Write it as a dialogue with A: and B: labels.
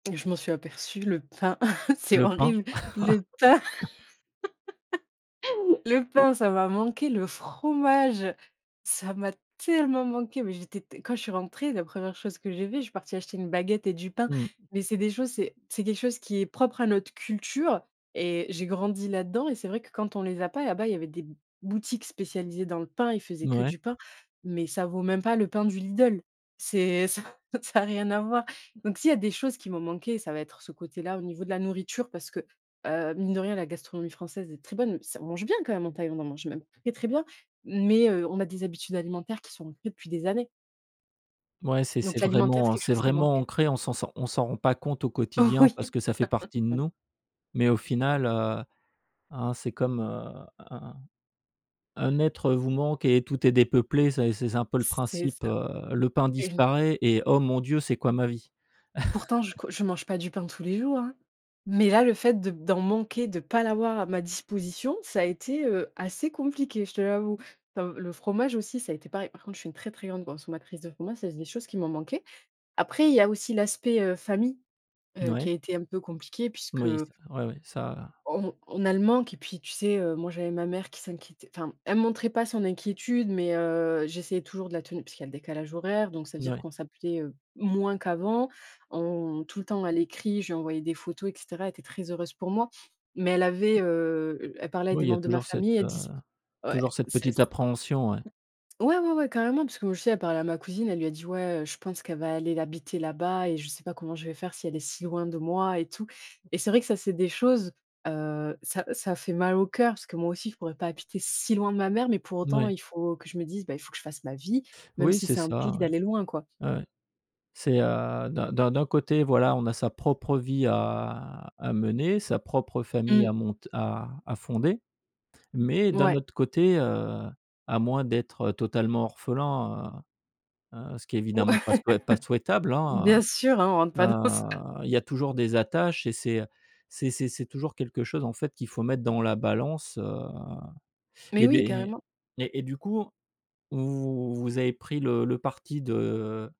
A: Je m'en suis aperçue, le pain, c'est
B: Le pain?
A: horrible. Le pain le pain, ça m'a manqué. Le fromage, ça m'a tellement manqué, mais j'étais t quand je suis rentrée, la 1re chose que j'ai fais, je suis partie acheter une baguette et du pain,
B: Mmh.
A: mais c'est des choses c'est c'est quelque chose qui est propre à notre culture et j'ai grandi là-dedans, et c'est vrai que, quand on les a pas, là-bas, il y avait des b boutiques spécialisées dans le pain, ils faisaient que
B: Mouais.
A: du pain, mais ça vaut même pas le pain du Lidl. C'est ça ça a rien à voir, donc s'il y a des choses qui m'ont manquées, ça va être ce côté-là au niveau de la nourriture, parce que, heu, mine de rien, la gastronomie française est très bonne. S on mange bien quand même en Thaïlande, on en mange même très, très bien, mais heu, on a des habitudes alimentaires qui sont ancrées depuis des années.
B: Ouais, c'est
A: Donc
B: c'est
A: l'alimentaire, c'est
B: vraiment, heu,
A: quelque
B: c'est
A: chose qui
B: vraiment
A: manquait.
B: ancré, on s'en s'en on s'en rend pas compte au quotidien
A: Oui.
B: parce que ça fait partie de nous, mais au final, heu, hein, c'est comme un un un être, heu, vous manque et tout est dépeuplé, ça et c'est c'est un peu le
A: C'est
B: principe,
A: ça,
B: heu, le pain
A: et je
B: disparaît et oh mon Dieu, c'est quoi ma vie?
A: Pourtant, je co je mange pas du pain tous les jours, hein, mais là, le fait de d'en manquer, de pas l'avoir à ma disposition, ça a été, heu, assez compliqué, je te l'avoue. Comme le fromage aussi, ça a été pareil. Par contre, je suis une très, très grande consommatrice de fromage, ça, c'est des choses qui m'ont manquées. Après, il y a aussi l'aspect, heu, famille qui
B: Mouais.
A: a été un peu compliqué puisque
B: Moui, ouais ça heu
A: on on a le manque, et puis, tu sais, heu, moi, j'avais ma mère qui s'inquiétait enfin, elle montrait pas son inquiétude, mais heu, j'essayais toujours de la tenir puisqu'il y a le décalage horaire, donc ça veut dire
B: Moui.
A: qu'on s'appelait, heu, moins qu'avant. On tout le temps, à l'écrit, je lui envoyais des photos, et cetera, elle était très heureuse pour moi, mais elle avait, heu, elle elle parlait à des
B: Oui, il y
A: membres de ma
B: toujours cette,
A: famille. Elle
B: heu,
A: diz ouais,
B: toujours cette
A: c'est
B: petite
A: s
B: appréhension, ouais.
A: ouais, ouais, ouais, carrément, parce que je sais, elle parlait à ma cousine. Elle lui a dit: «Ouais, heu, je pense qu'elle va aller l'habiter là-bas et je sais pas comment je vais faire si elle est si loin de moi et tout», et c'est vrai que ça, c'est des choses, heu, ça ça fait mal au cœur parce que moi aussi, je pourrais pas habiter si loin de ma mère, mais pour autant,
B: Mouais.
A: il faut que je me dise: «Bah, il faut que je fasse ma vie, même
B: Oui,
A: si
B: c'est
A: ça
B: ça,
A: implique d'aller loin, quoi».
B: ouais. Ouais, ouais. C'est, heu, d'un d'un d'un côté, voilà, on a sa propre vie à à mener, sa propre famille
A: Mmh.
B: à monte à à fonder, mais d'un
A: Ouais.
B: autre côté, heu, à moins d'être, heu, totalement orphelin, heu, heu, ce qui est
A: Ouais
B: évidemment pas souhait pas souhaitable, hein,
A: bien sûr hein, on rentre
B: heu,
A: pas dans ça
B: heu, il y a toujours des attaches et c'est, heu, c'est c'est c'est toujours quelque chose, en fait, qu'il faut mettre dans la balance, heu,
A: Mais
B: et des
A: oui, carrément.
B: et et et du coup, vous avez pris le le parti de